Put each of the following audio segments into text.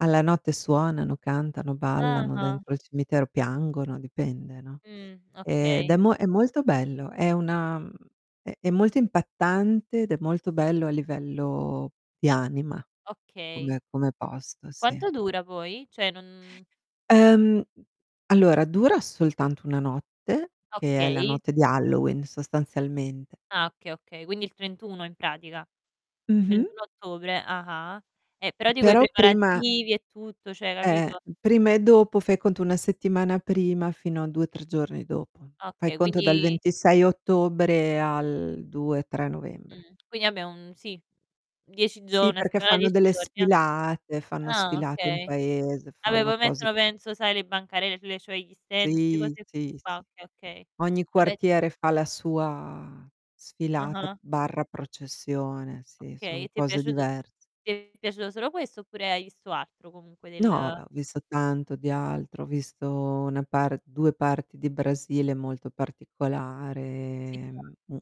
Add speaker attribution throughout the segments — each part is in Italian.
Speaker 1: Alla notte suonano, cantano, ballano
Speaker 2: Ah-ah.
Speaker 1: dentro il cimitero, piangono, dipende, no.
Speaker 2: Mh,
Speaker 1: Ed è
Speaker 2: okay.
Speaker 1: mo è molto bello, è una mhmm, è è molto impattante ed è molto bello a livello di anima
Speaker 2: Okay.
Speaker 1: come come posto, sì.
Speaker 2: Quanto dura poi? Cioè non
Speaker 1: Ehm,
Speaker 2: Mh.
Speaker 1: allora dura soltanto 1 notte, che è la
Speaker 2: Okay.
Speaker 1: notte di Halloween, sostanzialmente.
Speaker 2: Ah okay, okay. Quindi il 31 in pratica.
Speaker 1: Mh-mh.
Speaker 2: 31 ottobre, ah-ah. Eh, però
Speaker 1: Mh,
Speaker 2: dico i
Speaker 1: però prima
Speaker 2: preparativi e tutto, cioè
Speaker 1: Eh,
Speaker 2: capito?
Speaker 1: prima e dopo fai conto 1 settimana prima fino a 2, 3 giorni dopo. Fai
Speaker 2: Okay,
Speaker 1: conto dal
Speaker 2: quindi
Speaker 1: 26 ottobre al 2, 3 novembre.
Speaker 2: Mh, quindi vabbé un sì, 10 gio
Speaker 1: Sì,
Speaker 2: 1
Speaker 1: perché
Speaker 2: settimana,
Speaker 1: fanno
Speaker 2: 10
Speaker 1: delle
Speaker 2: giorni, jà.
Speaker 1: sfilate, fanno
Speaker 2: Ah
Speaker 1: sfilate in
Speaker 2: okay.
Speaker 1: paese,
Speaker 2: Vabbè
Speaker 1: fanno
Speaker 2: poi
Speaker 1: cose
Speaker 2: mettono penso sai le bancarelle sulle cioè gli stand, 'ste
Speaker 1: Sì,
Speaker 2: cose
Speaker 1: sì,
Speaker 2: qua,
Speaker 1: sì.
Speaker 2: okay, okay.
Speaker 1: Ogni
Speaker 2: Vabbè
Speaker 1: quartiere fa la sua sfilata
Speaker 2: Ah-ah.
Speaker 1: barra processione, sì,
Speaker 2: Okay,
Speaker 1: son
Speaker 2: e ti è
Speaker 1: cose
Speaker 2: piaciut
Speaker 1: divers
Speaker 2: ti è piaciuto solo questo oppure hai visto altro comunque
Speaker 1: No, ah
Speaker 2: del
Speaker 1: beh, ho visto tanto di altro. Ho visto una par 2 parti di Brasile, molto particolare,
Speaker 2: Sì, chia
Speaker 1: ehm, u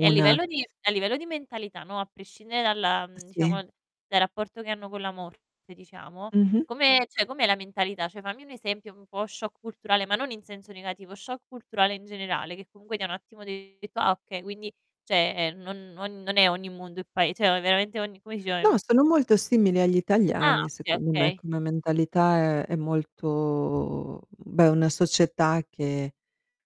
Speaker 2: e a
Speaker 1: una
Speaker 2: livello di a livello di mentalità, no, a prescindere dalla mhmm, diciamo,
Speaker 1: Sì.
Speaker 2: dal dal rapporto che hanno con la morte, diciamo,
Speaker 1: Mh-mh.
Speaker 2: come cioè com'è la mentalità? Cioè fammi un esempio un po' shock culturale, ma non in senso negativo, shock culturale in generale, che comunque ti ha un attimo detto: "Ah, okay, quindi cioè, ehm, non non non è ogni mondo è pae cioè o veramente ogni" come si dice
Speaker 1: No,
Speaker 2: ehm
Speaker 1: sono molto simili agli
Speaker 2: Ah,
Speaker 1: italiani
Speaker 2: okay,
Speaker 1: secondo me,
Speaker 2: okay.
Speaker 1: come mentalità è è molto beh è una società che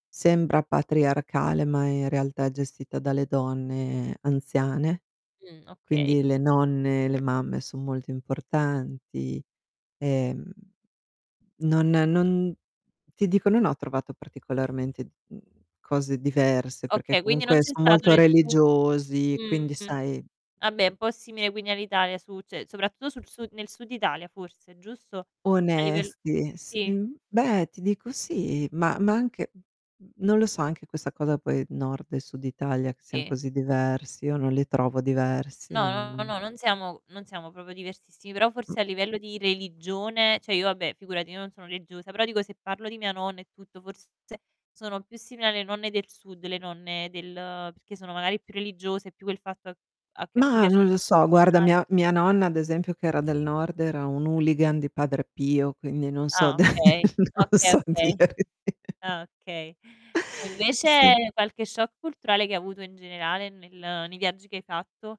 Speaker 1: sembra patriarcale ma in realtà è gestita dalle donne anziane.
Speaker 2: Mh, okay.
Speaker 1: Quindi le nonne, le mamme son molto importanti. Ehm, non non ti dico, non ho trovato particolarmente, mhmm, cose diverse perché
Speaker 2: Okay, quindi non
Speaker 1: comunque
Speaker 2: c'è
Speaker 1: son
Speaker 2: stato
Speaker 1: molto
Speaker 2: nessun
Speaker 1: religiosi, quindi
Speaker 2: mh.
Speaker 1: sai
Speaker 2: Vabbè, un po' simile quindi all'Italia su cioè soprattutto sul su nel Sud Italia forse, giusto? A livell
Speaker 1: Onesti, e sì
Speaker 2: sì.
Speaker 1: uhm, beh, ti dico sì, ma ma anche non lo so, anche questa cosa poi Nord e Sud Italia che sian
Speaker 2: Sì.
Speaker 1: così diversi, io non li trovo diversi,
Speaker 2: No, no,
Speaker 1: non
Speaker 2: no, non siamo non siamo proprio diversissimi, però forse a livello di religione, cioè io vabbè figurati, io non sono religiosa, però dico se parlo di mia nonna e tutto, forse sono più simili alle nonne del Sud, le nonne del perché sono magari più religiose, più quel fatto a a che a cui
Speaker 1: Mah,
Speaker 2: piace
Speaker 1: non lo
Speaker 2: un po'
Speaker 1: so, guarda,
Speaker 2: cucinare.
Speaker 1: mia mia nonna ad esempio che era del Nord era un hooligan di Padre Pio, quindi non so
Speaker 2: Ah
Speaker 1: da
Speaker 2: okay,
Speaker 1: non
Speaker 2: okay,
Speaker 1: so
Speaker 2: okay.
Speaker 1: dirti
Speaker 2: Ah okay. E invece
Speaker 1: Sì.
Speaker 2: qualche shock culturale che hai avuto in generale nel nei viaggi che hai fatto?